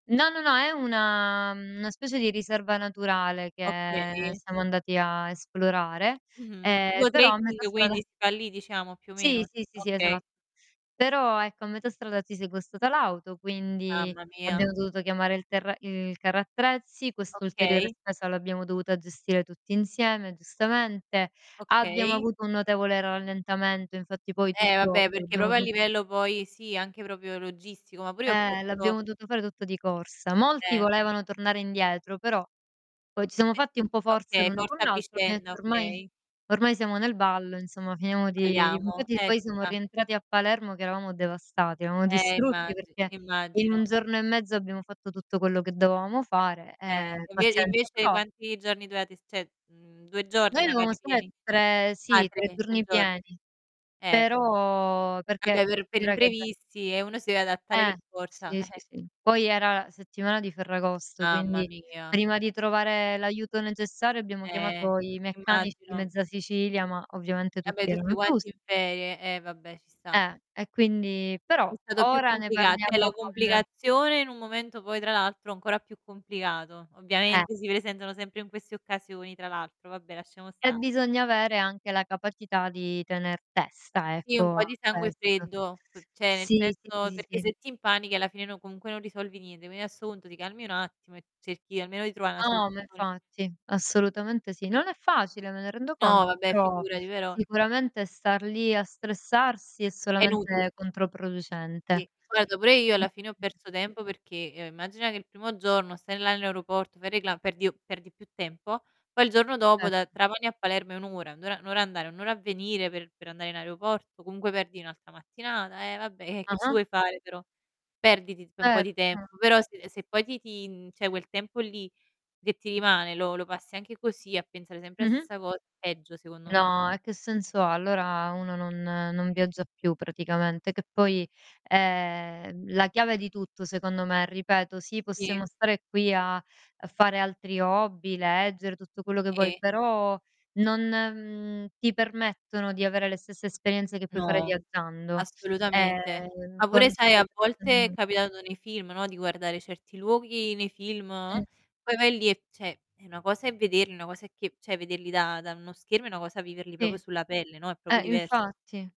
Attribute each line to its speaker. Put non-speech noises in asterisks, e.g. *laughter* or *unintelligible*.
Speaker 1: No, no, no, è una mhmm, una specie di riserva naturale che ehm
Speaker 2: Okay.
Speaker 1: siamo andati a esplorare,
Speaker 2: Mh-mh.
Speaker 1: ehm,
Speaker 2: Tipo
Speaker 1: però a metà
Speaker 2: trekking, quindi,
Speaker 1: strada
Speaker 2: si fa lì diciamo, più o meno?
Speaker 1: Sì, sì, sì, esa
Speaker 2: Okay.
Speaker 1: però, ecco, a metà strada ci si è guastata l'auto, quindi,
Speaker 2: Mamma mia.
Speaker 1: abbiamo dovuto chiamare il terra il carro attrezzi, quest'ulteriore
Speaker 2: Okay.
Speaker 1: spesa l'abbiamo dovuta gestire tutti insieme, giustamente. Abbiamo
Speaker 2: Okay.
Speaker 1: avuto un notevole rallentamento, infatti, poi,
Speaker 2: Eh,
Speaker 1: tutto
Speaker 2: vabbè perché
Speaker 1: l'abbiamo
Speaker 2: proprio a
Speaker 1: do
Speaker 2: livello poi sì, anche proprio logistico, ma pur'io ho
Speaker 1: Eh,
Speaker 2: perso
Speaker 1: l'abbiamo dovuto fare tutto di corsa. Molti
Speaker 2: Eh.
Speaker 1: volevano tornare indietro, però, poi, ci siamo
Speaker 2: E
Speaker 1: fatti un po' forza
Speaker 2: okay,
Speaker 1: l'uno
Speaker 2: forza
Speaker 1: con
Speaker 2: a
Speaker 1: l'altro, ho
Speaker 2: vicenda.
Speaker 1: detto:
Speaker 2: Okay.
Speaker 1: "Ormai ormai siamo nel ballo insomma finiamo di"
Speaker 2: Beviamo.
Speaker 1: Infatti
Speaker 2: Eh, ci
Speaker 1: poi siamo
Speaker 2: sta.
Speaker 1: rientrati a Palermo che eravamo devastati, eravamo
Speaker 2: Eh
Speaker 1: distrutti
Speaker 2: immagino,
Speaker 1: perché in 1
Speaker 2: immagino.
Speaker 1: giorno e mezzo abbiamo fatto tutto quello che dovevamo fare,
Speaker 2: Eh.
Speaker 1: e
Speaker 2: Inve
Speaker 1: pazienza.
Speaker 2: invece
Speaker 1: Però
Speaker 2: quanti giorni dovevate st cioè, mhmm, 2 giorni,
Speaker 1: Noi dovevamo
Speaker 2: magari
Speaker 1: stare
Speaker 2: pieni?
Speaker 1: tre
Speaker 2: Ah,
Speaker 1: sì, 3
Speaker 2: 3, 3
Speaker 1: giorni
Speaker 2: gior
Speaker 1: pieni,
Speaker 2: Eh.
Speaker 1: però perché
Speaker 2: Vabbè, per per
Speaker 1: considera che da
Speaker 2: imprevisti, eh, uno si deve adattare
Speaker 1: Eh.
Speaker 2: per forza,
Speaker 1: Sì, sì
Speaker 2: eh.
Speaker 1: sì. Poi, era la settimana di Ferragosto
Speaker 2: Mamma
Speaker 1: quindi,
Speaker 2: mia.
Speaker 1: prima di trovare l'aiuto necessario abbiamo
Speaker 2: Eh.
Speaker 1: chiamato i meccanici di
Speaker 2: Immagino.
Speaker 1: mezza Sicilia, ma ovviamente
Speaker 2: Vabbè,
Speaker 1: tutti
Speaker 2: tutti
Speaker 1: erano
Speaker 2: quanti in
Speaker 1: chiusi.
Speaker 2: ferie. Eh, vabbè, ci sta.
Speaker 1: Eh. E quindi però
Speaker 2: È stato più
Speaker 1: ora ne
Speaker 2: complicato cioè, la
Speaker 1: parliamo con
Speaker 2: complicazione in un momento, poi, tra l'altro ancora più complicato.
Speaker 1: Eh.
Speaker 2: Ovviamente si presentano sempre in queste occasioni, tra l'altro, vabbè lasciamo
Speaker 1: E
Speaker 2: stare.
Speaker 1: bisogna avere anche la capacità di tener testa,
Speaker 2: Sì un
Speaker 1: ecco,
Speaker 2: po' di
Speaker 1: a
Speaker 2: sangue
Speaker 1: quest
Speaker 2: freddo, cioè, nel
Speaker 1: Sì. Sì, sì,
Speaker 2: senso
Speaker 1: sì,
Speaker 2: perché
Speaker 1: sì.
Speaker 2: se ti impanichi, alla fine, no comunque non risolvi niente, quindi adesso punto ti calmi un attimo, e cerchi almeno di trovà 'na
Speaker 1: No, ma
Speaker 2: soluzione.
Speaker 1: infatti. Assolutamente sì. Non è facile, me ne rendo
Speaker 2: No,
Speaker 1: conto
Speaker 2: vabbè,
Speaker 1: però
Speaker 2: figurati, però
Speaker 1: sicuramente star lì a stressarsi è
Speaker 2: È inutile.
Speaker 1: solamente controproducente.
Speaker 2: Sì, guarda, pure io alla fine ho
Speaker 1: Mh-mh.
Speaker 2: perso tempo perché, ehm, immagina, che il primo giorno stai là nell'aeroporto, fai il recla perdi perdi più tempo. Poi, il giorno dopo da
Speaker 1: *unintelligible*
Speaker 2: Trapani a Palermo è 1 ora, 1 ora 1 ora andare, 1 ora a venire, per per andare in aeroporto, comunque perdi un'altra mattinata, e vabbè, e che ci
Speaker 1: Ah-ah.
Speaker 2: vuoi fare però? Perdi ti tip un po' di
Speaker 1: Certo.
Speaker 2: tempo, però se se poi ti ti mhmm, cioè quel tempo lì, che ti rimane, lo lo passi anche così a pensare sempre a
Speaker 1: Mh-mh.
Speaker 2: stessa cos è peggio, secondo me.
Speaker 1: No, e che senso ha. Allora uno non non viaggia più praticamente, che poi, è, mhmm, la chiave di tutto, secondo me. Ripeto, sì
Speaker 2: Sì.
Speaker 1: possiamo stare qui a a fare altri hobby, leggere, tutto quello che vuoi,
Speaker 2: Sì.
Speaker 1: però non, mhmm, ti permettono di avere le stesse esperienze che puoi fare
Speaker 2: No.
Speaker 1: viaggiando,
Speaker 2: Assolutamente.
Speaker 1: ehm,
Speaker 2: Ma, pure, sai,
Speaker 1: conoscere
Speaker 2: a
Speaker 1: persone
Speaker 2: volte è
Speaker 1: nuove
Speaker 2: capitato nei film, no, di guardare certi luoghi nei film,
Speaker 1: Mh.
Speaker 2: poi vai lì, e cioè, e una cosa è vederli, e una cosa è che cioè, vederli da da uno schermo, e una cosa viverli proprio
Speaker 1: Sì.
Speaker 2: sulla pelle, no, proprio
Speaker 1: Eh,
Speaker 2: divers
Speaker 1: infatti.